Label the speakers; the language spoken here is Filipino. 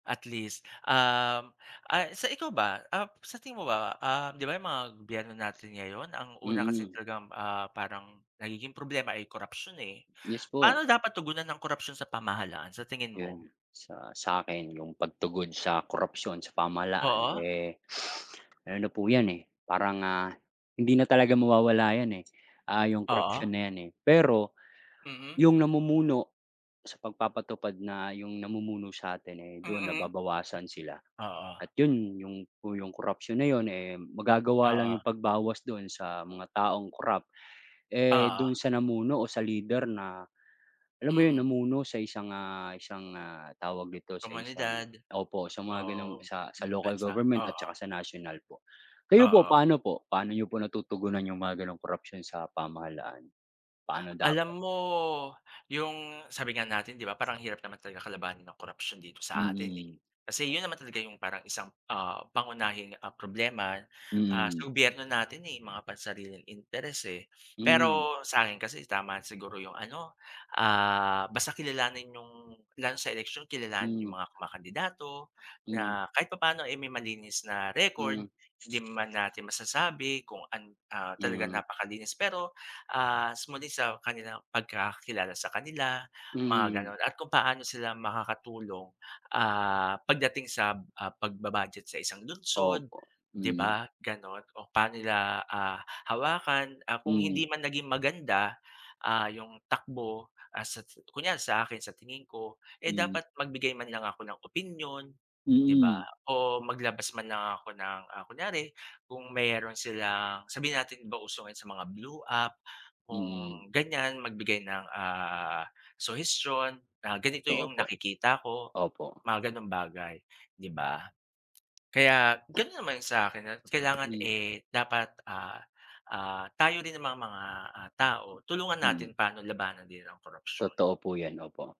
Speaker 1: At least, um, ah sa ikaw ba? Ah, sa tingin mo ba, ah, di ba, yung mga gobyerno natin ngayon ang una kasing
Speaker 2: Mm.
Speaker 1: talagang ah, parang nagiging problema ay korapsiyon, eh.
Speaker 2: Yes po.
Speaker 1: Paano dapat tugunan ang korapsiyon sa pamahalaan, sa tingin mo?
Speaker 2: Yun, sa sa'kin yung pagtugon sa korapsiyon sa pamahalaan
Speaker 1: Oo.
Speaker 2: eh, ano na po yan, eh, parang ah, hindi na talaga mawawala yan, eh. Ah, yung corruption
Speaker 1: Oo.
Speaker 2: na yan eh, pero
Speaker 1: Mm.
Speaker 2: yung namumuno sa pagpapatupad na yung namumuno sa atin eh, doon
Speaker 1: Mm.
Speaker 2: nababawasan sila
Speaker 1: Oo.
Speaker 2: at yun yung po corruption na yun eh, magagawa lang
Speaker 1: Oo.
Speaker 2: yung pagbawas doon sa mga taong corrupt, eh,
Speaker 1: Oo.
Speaker 2: dun sa namuno o sa leader na alam mo 'yon,
Speaker 1: Mm.
Speaker 2: namuno sa isang ah isang ah, tawag dito, sa isang,
Speaker 1: Komunidad
Speaker 2: opo, sa
Speaker 1: o
Speaker 2: mga ganong sa local
Speaker 1: bansa,
Speaker 2: government at saka
Speaker 1: oo.
Speaker 2: sa national po. Kayo po,
Speaker 1: Oo.
Speaker 2: paano po, paano niyo po natutugunan yung mga ganong korapsiyon sa pamahalaan, paano dapat?
Speaker 1: Alam mo, yung sabi nga natin di ba, parang ang hirap naman talaga kalabanin ang korapsiyon dito sa atin, eh.
Speaker 2: Mm.
Speaker 1: Kasi yun naman talaga yung parang isang, ah, pangunahing, ah, problema. Ah, sa
Speaker 2: Mm.
Speaker 1: gobyerno natin eh, mga pansariling interes eh.
Speaker 2: Mm.
Speaker 1: Pero sa akin kasi, tama siguro yung ano, ah, basta kilalanin yung lalo sa eleksiyon kilalanin yung
Speaker 2: Hmm.
Speaker 1: mga kumakandidato,
Speaker 2: Hmm.
Speaker 1: na kahit papaano eh, may malinis na record.
Speaker 2: Hmm.
Speaker 1: Di man natin masasabi kung an ah, talagang
Speaker 2: Mm.
Speaker 1: napakalinis, pero ah, muli sa kanilang pagkakilala sa kanila mga
Speaker 2: Hmm.
Speaker 1: ganon at kung paano sila makakatulong, ah, pagdating sa, ah, pagba-budget sa isang lungsod,
Speaker 2: Opo,
Speaker 1: di
Speaker 2: mm.
Speaker 1: ba? Ganun o paano nila, ah, hawakan, ah, kung
Speaker 2: Mm.
Speaker 1: hindi man naging maganda, ah, yung takbo, ah, sa sa kunwari sa akin sa tingin ko, eh,
Speaker 2: Hmm.
Speaker 1: dapat magbigay man lang ako ng opinyon, di ba?
Speaker 2: Mm.
Speaker 1: O maglabas man lang ako ng, ah, kunyari kung meron silang sabihin natin di ba, uso ngayon sa mga blue app, kung
Speaker 2: Mm.
Speaker 1: ganyan, magbigay ng, ah, suhestiyon na ganito
Speaker 2: Totoo
Speaker 1: yung
Speaker 2: po,
Speaker 1: nakikita ko,
Speaker 2: opo.
Speaker 1: mga ganong bagay, di ba? Kaya ganun naman sa'kin, na kailangan
Speaker 2: Hmm.
Speaker 1: eh, dapat, ah ah, tayo din na mga, tao tulungan
Speaker 2: Mm.
Speaker 1: natin pano labanan din ang korapsyon.
Speaker 2: Totoo po yan, opo.